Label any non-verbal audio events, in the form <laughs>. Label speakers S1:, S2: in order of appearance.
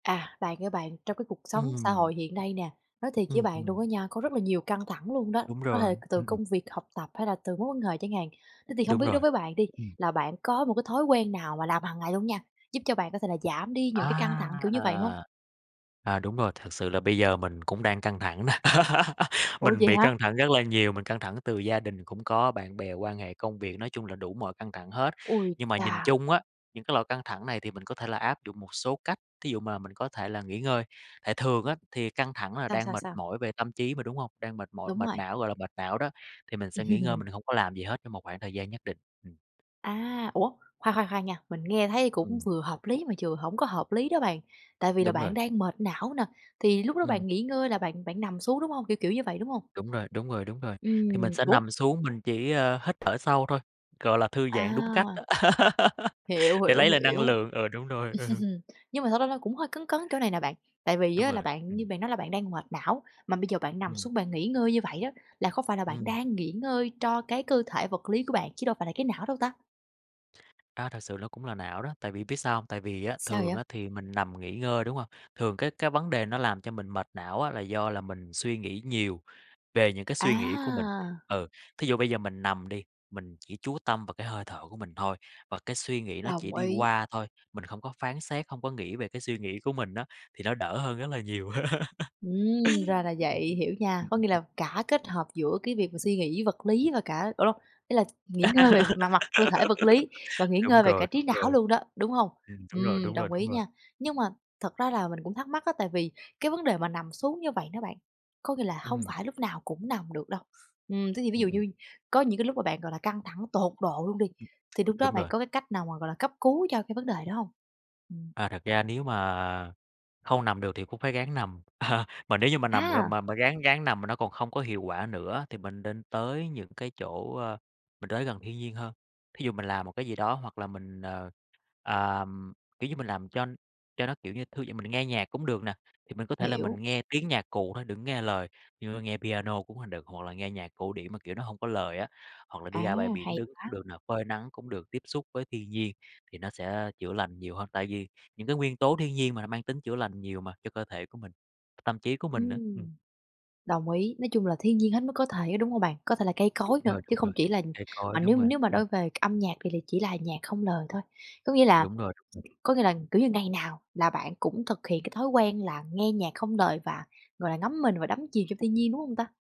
S1: À, bạn ơi bạn, trong cái cuộc sống xã
S2: Ừm.
S1: hội hiện nay nè, nói thiệt với
S2: Ừm,
S1: bạn luôn
S2: ừm.
S1: á nha, có rất là nhiều căng thẳng luôn đó,
S2: Đúng
S1: có
S2: rồi.
S1: thể từ
S2: Ưm, ừm.
S1: công việc, học tập hay là từ mối quan hệ chẳng hạn. Thế thì hông
S2: Đúng
S1: biết đối
S2: rồi.
S1: với bạn đi,
S2: Ừm.
S1: là bạn có một cái thói quen nào mà làm hằng ngày luôn nha, giúp cho bạn có thể là giảm đi những cái căng thẳng
S2: A,
S1: kiểu như vậy hông?
S2: à. À, đúng rồi, thật sự là bây giờ mình cũng đang căng thẳng nè. <laughs>
S1: Ủa,
S2: Mình
S1: vậy
S2: bị
S1: hả?
S2: căng thẳng rất là nhiều, mình căng thẳng từ gia đình cũng có, bạn bè, quan hệ, công việc, nói chung là đủ mọi căng thẳng hết.
S1: Ôi
S2: Nhưng mà nhìn
S1: chà!
S2: chung á những cái loại căng thẳng này thì mình có thể là áp dụng một số cách, thí dụ mà mình có thể là nghỉ ngơi, tại thường á thì căng thẳng là
S1: Sao,
S2: đang
S1: sao,
S2: mệt
S1: sao?
S2: mỏi về tâm trí mà, đúng hông? Đang mệt mỏi,
S1: Đúng
S2: mệt
S1: rồi.
S2: não, gọi là mệt não đó. Thì mình sẽ nghỉ ngơi,
S1: Ừm.
S2: mình hông có làm gì hết trong một khoảng thời gian nhất định. Ừm.
S1: A, ủa? Khoan, khoan, khoan nha. Mình nghe thấy cũng
S2: Ừm.
S1: vừa hợp lý mà vừa hổng có hợp lý đó bạn, tại vì là
S2: Đúng rồi.
S1: bạn đang mệt não nè, thì lúc đó
S2: Ừm.
S1: bạn nghỉ ngơi là bạn bạn nằm xuống, đúng hông? Kiểu kiểu như vậy, đúng hông?
S2: Đúng rồi, đúng rồi, đúng rồi. Thì mình
S1: Ừm,
S2: sẽ
S1: ủa?
S2: nằm xuống mình chỉ, ơ, hít thở sâu thôi, gọi là thư giãn đúng cách
S1: A.
S2: đó. <laughs>
S1: Hiểu,
S2: Để lấy
S1: hiểu,
S2: lại năng
S1: hiểu.
S2: lượng. Ừ, đúng rồi, ừ.
S1: <chuckles> Nhưng mà thật ra là cũng hơi cấn cấn chỗ này nè bạn. Tại vì
S2: Đúng
S1: á là
S2: rồi.
S1: bạn như
S2: Ừm.
S1: bạn nói là bạn đang mệt não, mà bây giờ bạn nằm
S2: Ừm.
S1: xuống bạn nghỉ ngơi như vậy á, là khó phải là bạn
S2: Ừm.
S1: đang nghỉ ngơi cho cái cơ thể vật lý của bạn, chứ đâu phải là cái não đâu ta?
S2: A, thật sự nó cũng là não đó, tại vì biết sao hông? Tại vì á
S1: Sao
S2: thường
S1: vậy?
S2: thì mình nằm nghỉ ngơi, đúng hông? Thường cái cái vấn đề nó làm cho mình mệt não á là do là mình suy nghĩ nhiều về những cái suy nghĩ của mình.
S1: A!
S2: Ừ, thí dụ bây giờ mình nằm đi, mình chỉ chú tâm vào cái hơi thở của mình thôi và cái suy nghĩ nó chỉ
S1: Đồng
S2: đi
S1: ý.
S2: qua thôi, mình không có phán xét, hông có nghĩ về cái suy nghĩ của mình á, thì nó đỡ hơn rất là nhiều. <laughs>
S1: Ừm, ra là
S2: Ừm, ừm,
S1: vậy.
S2: ừm.
S1: Hiểu nha,
S2: Ừm,
S1: có
S2: ừm,
S1: nghĩa
S2: ưm.
S1: là cả kết hợp giữa cái việc suy nghĩ vật lý và cả ờ lô ý là nghỉ ngơi về mặt mặt cơ thể vật lý và
S2: <laughs>
S1: nghỉ
S2: Đúng
S1: ngơi về cả
S2: rồi,
S1: trí
S2: đúng
S1: não
S2: rồi.
S1: luôn đó, đúng hông?
S2: Ừm, đúng rồi,
S1: Ừm,
S2: đúng rồi,
S1: đồng
S2: đúng
S1: ý
S2: rồi.
S1: nha. Nhưng mà thật ra là mình cũng thắc mắc á, tại vì cái vấn đề mà nằm xuống như vậy đó bạn, có nghĩa là hông
S2: Ừm.
S1: phải lúc nào cũng nằm được đâu. Ừm, thế thì ví dụ
S2: Ừm, ừm.
S1: như có những cái lúc mà bạn, gọi là, căng thẳng tột độ luôn đi,
S2: Ừm.
S1: thì lúc đó
S2: Đúng
S1: bạn
S2: rồi.
S1: có cái cách nào mà, gọi là, cấp cứu cho cái vấn đề đó hông? Ừm.
S2: À, thật ra nếu mà hông nằm được thì cũng phải ráng nằm. À, mà nếu như mà nằm rồi
S1: A!
S2: mà mà ráng ráng nằm mà nó còn không có hiệu quả nữa thì mình nên tới những cái chỗ, ơ mình tới gần thiên nhiên hơn. Thí dụ mình làm một cái gì đó hoặc là mình, ờ, ờm, kiểu như, mình làm cho cho nó, kiểu như, thư giãn, mình nghe nhạc cũng được nè. Thì mình có thể là mình
S1: Hiểu.
S2: nghe tiếng nhạc cụ thôi đừng có nghe lời, như, ơ, nghe piano cũng h được hoặc là nghe nhạc cổ điển mà, kiểu, nó hông có lời á, hoặc là
S1: À,
S2: đi ra bãi biển
S1: hay
S2: đứng
S1: quá!
S2: cũng được nè, phơi nắng cũng được, tiếp xúc với thiên nhiên, thì nó sẽ chữa lành nhiều hơn. Tại vì những cái nguyên tố thiên nhiên mà nó mang tính chữa lành nhiều mà, cho cơ thể của mình, tâm trí của mình nữa. Ừm.
S1: Ừm. Đồng ý. Nói chung là thiên nhiên hết mức có thể, đúng hông bạn? Có thể là cây
S2: Đúng
S1: cối nữa
S2: rồi,
S1: chứ
S2: đúng
S1: không
S2: rồi.
S1: chỉ là
S2: Cây
S1: mà
S2: cối, đúng
S1: nếu
S2: rồi.
S1: nếu mà
S2: Ừm
S1: đôi về âm nhạc thì là chỉ là nhạc không lời thôi. Có nghĩa là
S2: Đúng rồi, đúng rồi.
S1: có nghĩa là, kiểu như, ngày nào là bạn cũng thực hiện cái thói quen là nghe nhạc không lời và, gọi là, ngấm mình và đắm chìm trong thiên nhiên, đúng hông ta?